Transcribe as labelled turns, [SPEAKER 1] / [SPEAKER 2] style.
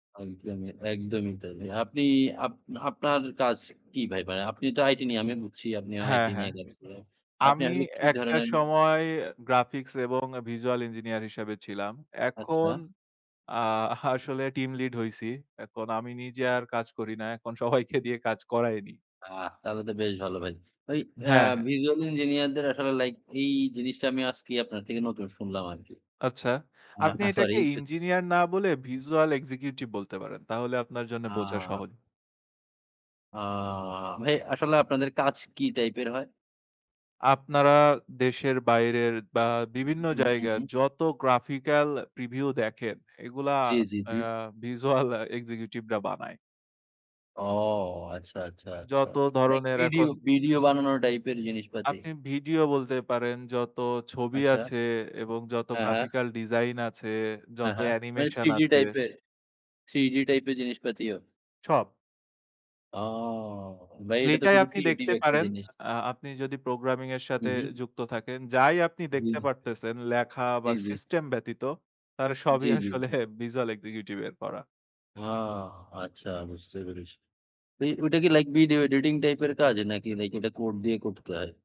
[SPEAKER 1] একদমই, একদমই তাই। এ আপনি আপ আপনার কাজ কি ভাই? ভাই আপনি তো আইটি নিয়ে আমি বুঝছি আপনি
[SPEAKER 2] হ্যাঁ,
[SPEAKER 1] আইটি নিয়ে
[SPEAKER 2] হ্যাঁ।
[SPEAKER 1] ব্যস্ত। তো আপনি
[SPEAKER 2] আমি
[SPEAKER 1] আসলে কি
[SPEAKER 2] একটা
[SPEAKER 1] ধরনের
[SPEAKER 2] সময় গ্রাফিক্স এবং visual engineer হিসেবে ছিলাম। এখন
[SPEAKER 1] আচ্ছা।
[SPEAKER 2] আ আসলে team lead হইছি। এখন আমি নিজে আর কাজ করি না, এখন সবাইকে দিয়ে কাজ করাই নিই।
[SPEAKER 1] আহ তাহলে তো বেশ ভালো ভাই। ভাই অ্যা
[SPEAKER 2] হ্যাঁ, হ্যাঁ।
[SPEAKER 1] visual engineer দের আসলে লাইক এই জিনিসটা আমি আজকেই আপনার থেকে নতুন শুনলাম আরকি।
[SPEAKER 2] আচ্ছা।
[SPEAKER 1] আ
[SPEAKER 2] আপনি
[SPEAKER 1] আ সরি।
[SPEAKER 2] এটাকে
[SPEAKER 1] [unintelligible]
[SPEAKER 2] ইঞ্জিনিয়ার না বলে visual executive বলতে পারেন। তাহলে আপনার জন্যে বোঝা
[SPEAKER 1] আ
[SPEAKER 2] সহজ।
[SPEAKER 1] আ ভাই আসলে আপনাদের কাজ কি টাইপের হয়?
[SPEAKER 2] আপনারা দেশের বাইরের বা
[SPEAKER 1] হু,
[SPEAKER 2] বিভিন্ন
[SPEAKER 1] হু, হু,
[SPEAKER 2] জায়গার
[SPEAKER 1] হু।
[SPEAKER 2] যত graphical preview দেখেন, এগুলা
[SPEAKER 1] জ্বী, জ্বী,
[SPEAKER 2] আ
[SPEAKER 1] জ্বী।
[SPEAKER 2] visual executive রা বানায়।
[SPEAKER 1] ও আচ্ছা, আচ্ছা, আচ্ছা।
[SPEAKER 2] যত
[SPEAKER 1] লাইক
[SPEAKER 2] ধরনের
[SPEAKER 1] ভিডিও
[SPEAKER 2] এখন
[SPEAKER 1] ভিডিও বানানোর টাইপের জিনিসপাতি।
[SPEAKER 2] আপনি ভিডিও বলতে পারেন, যত ছবি
[SPEAKER 1] আচ্ছা।
[SPEAKER 2] আছে এবং যত
[SPEAKER 1] হ্যাঁ, হ্যাঁ।
[SPEAKER 2] graphical design আছে,
[SPEAKER 1] হ্যাঁ,
[SPEAKER 2] যত
[SPEAKER 1] হ্যাঁ। মানে
[SPEAKER 2] অ্যানিমেশন
[SPEAKER 1] 3 ডি
[SPEAKER 2] আছে।
[SPEAKER 1] টাইপের 3 ডি টাইপের জিনিসপাতিও?
[SPEAKER 2] সব।
[SPEAKER 1] ও ভাই এইটা তো
[SPEAKER 2] যেইটাই
[SPEAKER 1] খুবই
[SPEAKER 2] আপনি
[SPEAKER 1] ক্রিয়েটিভ
[SPEAKER 2] দেখতে
[SPEAKER 1] একটা
[SPEAKER 2] পারেন,
[SPEAKER 1] জিনিস।
[SPEAKER 2] আ আপনি যদি প্রোগ্রামিং এর সাথে
[SPEAKER 1] হুম, হুম।
[SPEAKER 2] যুক্ত থাকেন, যাই আপনি দেখতে
[SPEAKER 1] হুম।
[SPEAKER 2] পারতেছেন লেখা
[SPEAKER 1] জ্বী,
[SPEAKER 2] বা
[SPEAKER 1] জ্বী।
[SPEAKER 2] সিস্টেম ব্যতীত, তারা সবই
[SPEAKER 1] জ্বী, জ্বী।
[SPEAKER 2] আসলে visual executive এর করা।
[SPEAKER 1] ও আচ্ছা বুঝতে পেরেছি। ভাই ওইটা কি লাইক ভিডিও এডিটিং টাইপ এর কাজ? নাকি লাইক ওটা কোড দিয়ে করতে হয়?